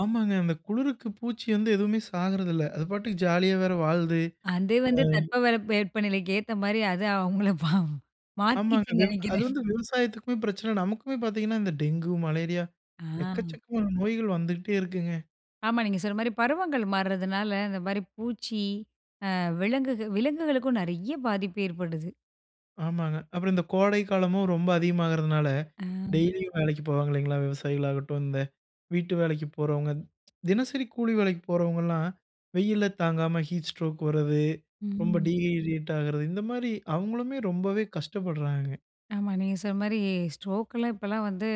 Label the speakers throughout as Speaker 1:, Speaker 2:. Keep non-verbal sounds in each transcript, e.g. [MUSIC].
Speaker 1: ஆமாங்க, அந்த குளிருக்கு பூச்சி வந்து எதுவுமே சாகுறதில்ல. அது பாட்டுக்கு ஜாலியா வேறு வாழுது.
Speaker 2: அது வந்து,
Speaker 1: அ.
Speaker 2: தற்பவெற்ப நிலைக்கு ஏத்த மாரி அது அவங்கள பாவம்.
Speaker 1: ஆமாங்க.
Speaker 2: மாத்திகிச்சுன்னு
Speaker 1: அது அது
Speaker 2: நினைக்கிறேன்!
Speaker 1: வந்து விவசாயத்துக்குமே பிரச்சனை, நமக்குமே பாத்தீங்கன்னா, இந்த டெங்கு, மலேரியா
Speaker 2: ஆ.
Speaker 1: எக்கச்சக்கமான நோய்கள் வந்துக்குட்டே இருக்குங்க.
Speaker 2: ஆமா, நீங்க சொன்ன மாரி பருவங்கள் மாறுறதுனால இந்த மாரி பூச்சி அ விலங்குகள் விலங்குகளுக்கும் நிறைய பாதிப்பு ஏற்படுது.
Speaker 1: ஆமாங்க. அப்பறம் இந்த கோடைக்காலமும் ரொம்ப அதிகமாகுறதுனால
Speaker 2: ஆ.
Speaker 1: டெய்லியும் வேலைக்கு போவாங்க இல்லைங்களா, விவசாயிகளாகட்டும், இந்த வீட்டு வேலைக்கு போறவங்க, தினசரி கூலி வேலைக்கு போறவங்கலாம், வெயிலில தாங்காம ஹீட் ஸ்ட்ரோக் வர்றது, ரொம்ப
Speaker 2: ம்.
Speaker 1: டீஹைட்ரேட் ஆகுறது, இந்த மாரி அவங்களுமே ரொம்பவே கஷ்டப்படுறாங்க.
Speaker 2: ஆமா, நீங்க சொன்ன மாரி ஸ்ட்ரோக்லாம் இப்போலாம் வந்து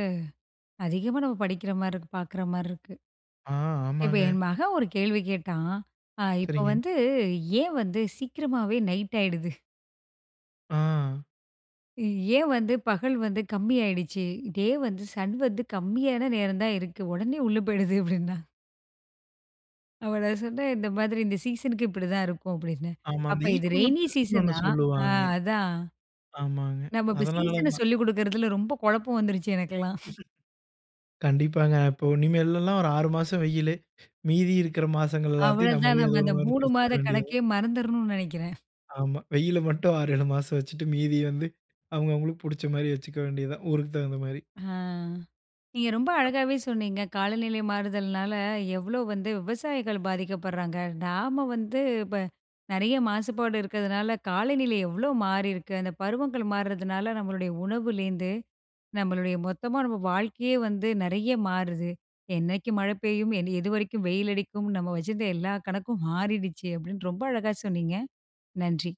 Speaker 2: அதிகமா நம்ம படிக்கிற மார இருக்கு. பாக்குற மார இருக்கு.
Speaker 1: ஆ,
Speaker 2: இப்ப
Speaker 1: ஆமாங்க.
Speaker 2: என் மகன் ஒரு கேள்வி கேட்டான்! ஆ இப்ப
Speaker 1: செரிங்க.
Speaker 2: வந்து, ஏன் வந்து சீக்கிரமாவே நைட் ஆயிடுது?
Speaker 1: ஆ.
Speaker 2: ஏன் வந்து, பகல் வந்து கம்மி ஆயிடுச்சு? டே வந்து, சன் வந்து கம்மியான நேரம் தான் இருக்கு, உடனே உள்ள போயிடுது! அப்டினான். அப்ப நான் சொன்னேன், இந்த மாரி இந்த சீசனுக்கு இப்படி தான் இருக்கும் அப்டின்னு.
Speaker 1: ஆமா.
Speaker 2: அப்ப
Speaker 1: அந்த இ
Speaker 2: இது
Speaker 1: கோலாய்
Speaker 2: ரெயினி
Speaker 1: டெஸ்ட்ன்னு ஒண்ணு
Speaker 2: சீசனா! ஆ
Speaker 1: சொல்லுவாங்க.
Speaker 2: அதான்.
Speaker 1: ஆமாங்க,
Speaker 2: நம்ம இப்ப
Speaker 1: அதுனால
Speaker 2: சீசன
Speaker 1: தான்.
Speaker 2: சொல்லிக் கொடுக்குறதுல ரொம்ப குழப்பம் வந்துருச்சு, எனக்கெல்லாம்.
Speaker 1: கண்டிப்பாங்க. அப்போ இனிமேலெல்லாம் ஒரு 6 மாசம் வெயிலு, மீதி இருக்கிற மாசங்கள் எல்லாத்தையும்
Speaker 2: அவ்ளவ்தான்
Speaker 1: நம்மளே
Speaker 2: நம்ம
Speaker 1: ஏதோ ஒரு
Speaker 2: அந்த
Speaker 1: மாரி
Speaker 2: 3
Speaker 1: பேசிக்கொள்ள
Speaker 2: மாத
Speaker 1: வேண்டியதுதான்.
Speaker 2: கணக்கே மறந்தறணும்னு நெனைக்கிறேன்.
Speaker 1: ஆமா. வெயிலு மட்டும் 6, 7 மாசம் வச்சிட்டு மீதி வந்து, அவங்க அவங்களுக்கு புடிச்ச மாரி வச்சுக்க வேண்டியதுதான். ஊருக்குத் தகுந்த மாரி.
Speaker 2: ஆ. நீங்க ரொம்ப
Speaker 1: [UNINTELLIGIBLE]
Speaker 2: அழகாவே சொன்னீங்க! காலநிலை மாறுதல்னால, எவ்ளோ வந்து விவசாயிகள் பாதிக்கப்படுறாங்க! நாம வந்து இப்ப நிறைய மாசுபாடு இருக்கதுனால, காலநிலை எவ்ளோ மாறியிருக்கு! அந்த பருவங்கள் மாறுதுனால, நம்மளுடைய உணவுலேந்து நம்மளுடைய மொத்தமா நம்ம வாழ்க்கையே வந்து நிறைய மாறுது. என்னைக்கு மழை பெய்யும்? எதுவரைக்கும் வெயிலடிக்கும்? நம்ம வச்சிருந்த எல்லா கணக்கும் மாறிடுச்சு, அப்படின்னு ரொம்ப அழகாக சொன்னீங்க. நன்றி.